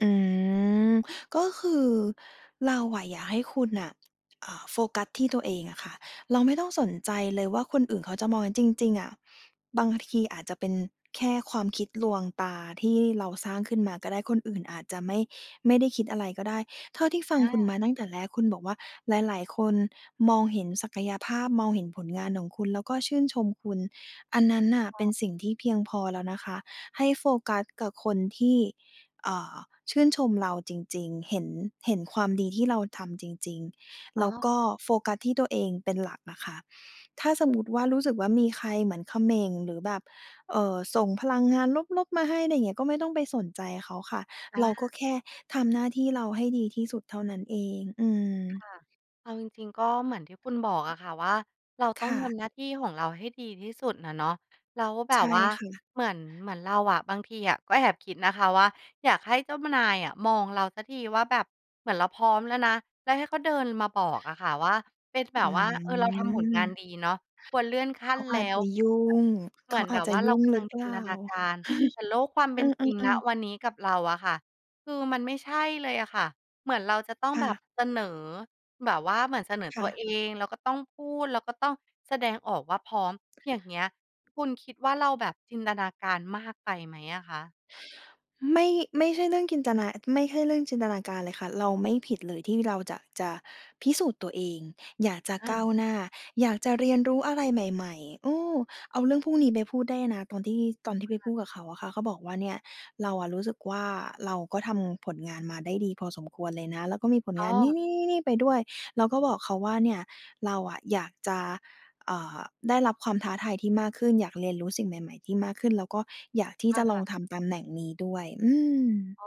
อืม ก็คือเราอะอยากให้คุณน่ะ อ่า โฟกัสที่ตัวเองอะค่ะ เราไม่ต้องสนใจเลยว่า คนอื่นเขาจะมอง จริง ๆ อะบางทีอาจจะเป็นแค่ความคิดลวงตาที่เราสร้างขึ้นมาก็ได้ คนอื่นอาจจะไม่ ไม่ได้คิดอะไรก็ได้ เท่าที่ฟัคง่คุณมาะ ตั้งแต่แรก คุณบอกว่า หลาย ๆ คนมองเห็นศักยภาพ มองเห็นผลงานของคุณ แล้วก็ชื่นชมคุณ อันนั้นน่ะค่เป็ะ นสิ่งที่เพียงพอแล้วนะคะ ให้โฟกัสกับคนที่ เอ่อ ชื่นชมเราจริง ๆ เห็น เห็นความดีที่เราทำจริง อๆ ๋แลอ ้วก็โฟกัสที่ตัวเองเป็นหลักน่ะค่ะ ถ้าสมมุติว่า รู้สึกว่า มีใครเหมือนเขม่น หรือแบบ เอ่อ ส่งพลังงานลบ ๆ มาให้ ไรเงี้ย ก็ไม่ต้องไปสนใจเขาค่ะ อเา ราก็แค่ทำหน้าที่เราให้ดีที่สุดเท่านั้นเอง อืคอ ่ะ เอาจริง ๆ ก็เหมือนที่คุณบอกอะค่ะว่า เราต้คอง่ทะ ำหน้าที่ของเราให้ดีที่สุดน่ะเนาะ แล้วแบใชบ่ว่าค่ะ เหมือน เหมือนเราอะ บางทีอะก็แอบคิดนะคะว่า อยากให้เจ้ามะนายอะมองเราสักทีว่าแบบ เหมือนเราพร้อมแล้วนะ แล้วให้เขาเดินมาบอกอะค่ะว่า เป็นแบอืบว่า เออ เราทำผลงานม ดีเนาะ ควรเลื่อนขั้เขนาแลอ้าจจว ะยุ่แบบ ง เเขหมือานแอบาจ บจะว่ายเรุา่งกำหรลืัองเปจลิ่นา? ตนาการ แต่โลกความเเอป็นจริง อ ณ ๆ ๆ วันนี้กับเราอะค่ะ คือมันไม่ใช่เลยอะค่ะ เหมือนเราจะต้องค่แบะ บเสนอ แบบว่าเหมือนเสนอคต่ัวะ เอง แล้วก็ต้องพูด แล้วก็ต้องแสดงออกว่าพร้อม อย่างเงี้ย คุณคิดว่าเราแบบจินตนาการมากไปไหมอะคะ? ไม่ ไม่ใช่เรื่องจินตนา ไม่ใช่เรื่องจินตนาการเลยค่ะ เราไม่ผิดเลยที่เราจะ จะพิสูจน์ตัวเอง อยากจะค่ก้าะ วหน้า อยากจะเรียนรู้อะไรใหม่ ๆ เออ เอาเรื่องพรุ่งนี้ไปพูดได้นะ ตอนที่ ตอนที่ไปพูดกับเขาอะค่ะ เขาบอกว่าเนี่ย เราอะรู้สึกว่า เราก็ทำผลงานมาได้ดีพอสมควรเลยนะ แล้วก็มีผลอ้งานนี่ อ ๆ ๆ ๆ ไปด้วย เราก็บอกเขาว่า เนี่ยเราอะอยากจะ เอ่อ ได้รับความท้าทายที่มากขึ้น อยากเรียนรู้สิ่งใหม่ ๆ ที่มากขึ้น แล้วก็อยากที่คจะล่องะ ทำตำแหน่งนี้ด้วย อืม อ้อ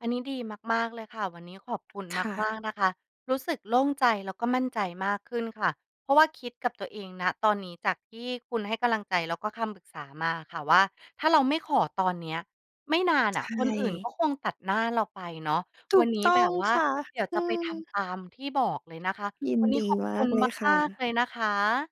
อันนี้ดีมาก ๆ เลยค่ะ วันนี้ขอบคุณค่มะ าก ๆ นะคะ รู้สึกโล่งใจ แล้วก็มั่นใจมากขึ้นค่ะ เพราะว่าคิดกับตัวเอง ณ ตอนนี้จากที่คุณให้กำลังใจแล้วก็คำปรึกษามาอะค่ะว่า ถ้าเราไม่ขอตอนเนี้ย ไม่นานในช่ะคนอื่นก่ ็คงตัดหน้าเราไปเนาะ ถวูันกนี้ต้แบองบว่า ค่ะ เดี๋ยวอจืะไปทอ ำตามที่บอกเลยนะคะ ยิวนันนี้ดีขอบมคุากณเลยคม่าก ๆ ะ เลยนะคะ